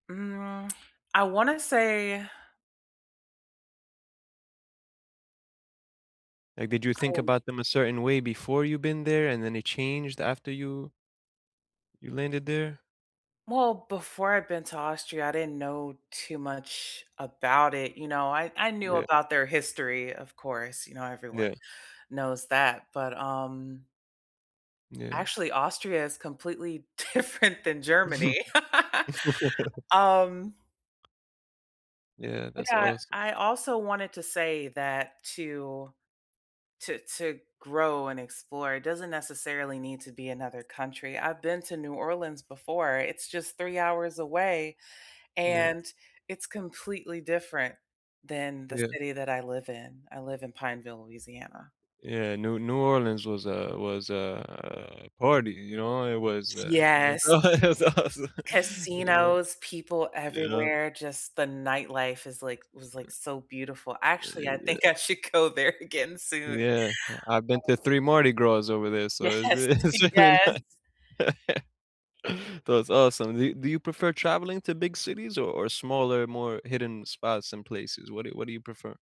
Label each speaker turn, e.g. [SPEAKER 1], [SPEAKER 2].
[SPEAKER 1] Mm. I wanna say
[SPEAKER 2] And did you think
[SPEAKER 1] I'm
[SPEAKER 2] about them a certain way before you've been there, and then it changed after you you landed there?
[SPEAKER 1] Well, before I'd been to Austria, I didn't know too much about it, you know, I I knew
[SPEAKER 2] Yeah.
[SPEAKER 1] about their history, of course, you know, everyone
[SPEAKER 2] Yeah.
[SPEAKER 1] knows that, but, um
[SPEAKER 2] Yeah.
[SPEAKER 1] Actually Austria is completely different than Germany. Um
[SPEAKER 2] Yeah, that's
[SPEAKER 1] Yeah.
[SPEAKER 2] awesome.
[SPEAKER 1] I also wanted to say that to to to grow and explore it doesn't necessarily need to be another country, I've been to New Orleans before, it's just 3 hours away,
[SPEAKER 2] Yeah.
[SPEAKER 1] and it's completely different than the
[SPEAKER 2] Yeah.
[SPEAKER 1] city that I live in, I live in Pineville, Louisiana.
[SPEAKER 2] Yeah, new New Orleans was a was a, uh party. You know? It was uh, [unintelligible]
[SPEAKER 1] Yes.
[SPEAKER 2] it was awesome. You know?
[SPEAKER 1] Casinos, people
[SPEAKER 2] You know?
[SPEAKER 1] everywhere, just the nightlife is like was, like, so beautiful,
[SPEAKER 2] Eh,
[SPEAKER 1] actually,
[SPEAKER 2] eh,
[SPEAKER 1] I think
[SPEAKER 2] yeah.
[SPEAKER 1] I should go there again soon. Uh.
[SPEAKER 2] Yeah, I I've been to 3 Mardi Gras over there, so,
[SPEAKER 1] Yes,
[SPEAKER 2] it's real it's really ni
[SPEAKER 1] yes!
[SPEAKER 2] That's awesome. Do do you prefer traveling to big cities or or smaller, more hidden spots and places? What do what do you prefer?